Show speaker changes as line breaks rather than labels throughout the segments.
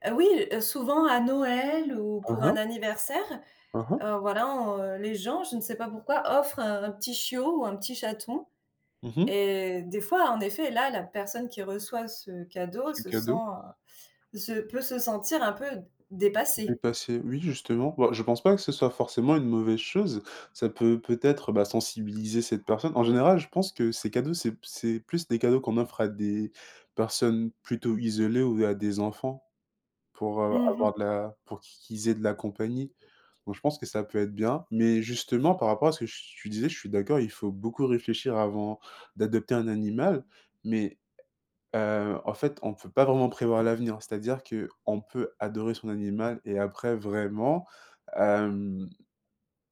Heu, oui, souvent à Noël ou
Ah
pour un
ah.
anniversaire,
Ah ah.
heu, voilà, on les gens, je ne sais pas pourquoi, offrent un petit chiot ou un petit chaton,
Mmh mh.
et des fois, en effet, là, la personne qui reçoit ce cadeau
C'est
se sent,
cadeau?
heu, se peut se sentir un peu dépassée.
D'entasser, oui, justement, bah, je pense pas que ce soit forcément une mauvaise chose. Ça peut, peut-être, bah, sensibiliser cette personne. En général, je pense que ces cadeaux, c'est p c'est plus des cadeaux qu'on offre à des personnes plutôt isolées ou à des enfants pour, heu,
Mmh mh.
avoir de la pour qu'ils aient de la compagnie, donc je pense que ça peut être bien, mais justement par rapport à ce que tu disais, je suis d'accord. Il faut beaucoup réfléchir avant d'adopter un animal, mais heu, en fait, on peut pas vraiment prévoir l'avenir. C'est-à-dire qu'on peut adorer son animal et après vraiment, hem,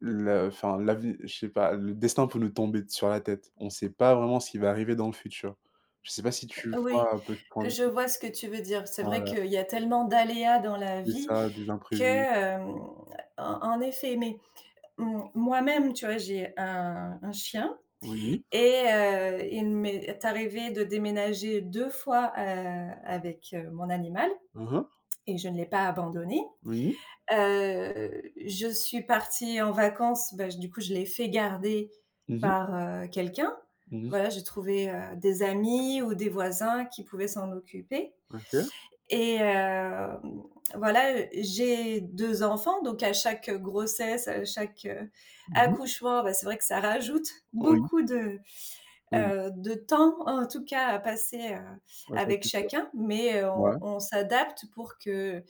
le enfin l'ave je sais pas, le destin peut nous tomber sur la tête. On sait pas vraiment ce qui va arriver dans le futur. Je sais pas si tu
Oui.
vois un peu ce point de
Je
vue?
vois ce que tu veux dire. C'est vrai
Ouais.
qu'il y a tellement d'aléas dans la
C'est
vie
ça, des
que,
imprévus.
hem, en en effet, mais m moi-même, tu vois? J'ai un un chien
Oui.
et heu, il m'est arrivé de déménager 2 fois, heu, avec, heu, mon animal
Ah ah.
et je ne l'ai pas abandonné.
Oui.
Heu, je suis partie en vacances, bah j du coup, je l'ai fait garder
Mmh mh.
par, heu, quelqu'un.
Mmh mh.
Voilà, j'ai trouvé, heu, des amis ou des voisins qui pouvaient s'en occuper,
OK.
et hem, voilà, j'ai 2 enfants, donc à chaque, heu, grossesse, à chaque, heu,
Mmh mh.
accouchement, bah, c'est vrai que ça rajoute
Oui.
beaucoup de,
Oui.
heu, de temps, en tout cas, à passer, heu,
Ouais, ça
avec
c'est sûr.
chacun, mais
Ouais.
on on s'adapte pour que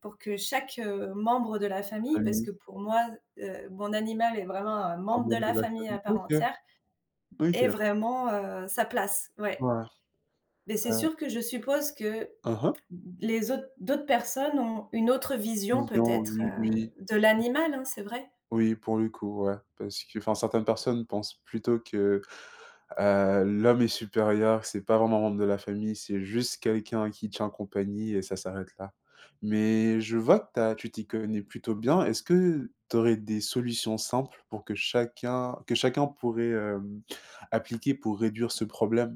pour que chaque membre de la
Ah,
famille parce que
oui.
pour moi, heu, mon animal est vraiment un
Un
membre de
membre
la
de la
famille à
famille.
part
OK.
entière est
OK.
vraiment, heu, sa place, ouais,
Ouais.
mais c'est
Heu
sûr que je suppose que l
Ah ah.
les autres d'autres personnes ont une autre vision
Vision,
peut-être,
oui,
heu,
oui.
de
Mmh.
l'animal, hein, c'est vrai?
Oui, pour le coup ouais, parce qu'enfin, certaines personnes pensent plutôt que, heu, l'homme est supérieur, c'est pas vraiment un membre de la famille. C'est juste quelqu'un qui tient compagnie et ça s'arrête là, mais je vois que tu as tu t'y connais plutôt bien. Est-ce que tu aurais des solutions simples pour que chacun que chacun pourrait, heu, appliquer pour réduire ce problème?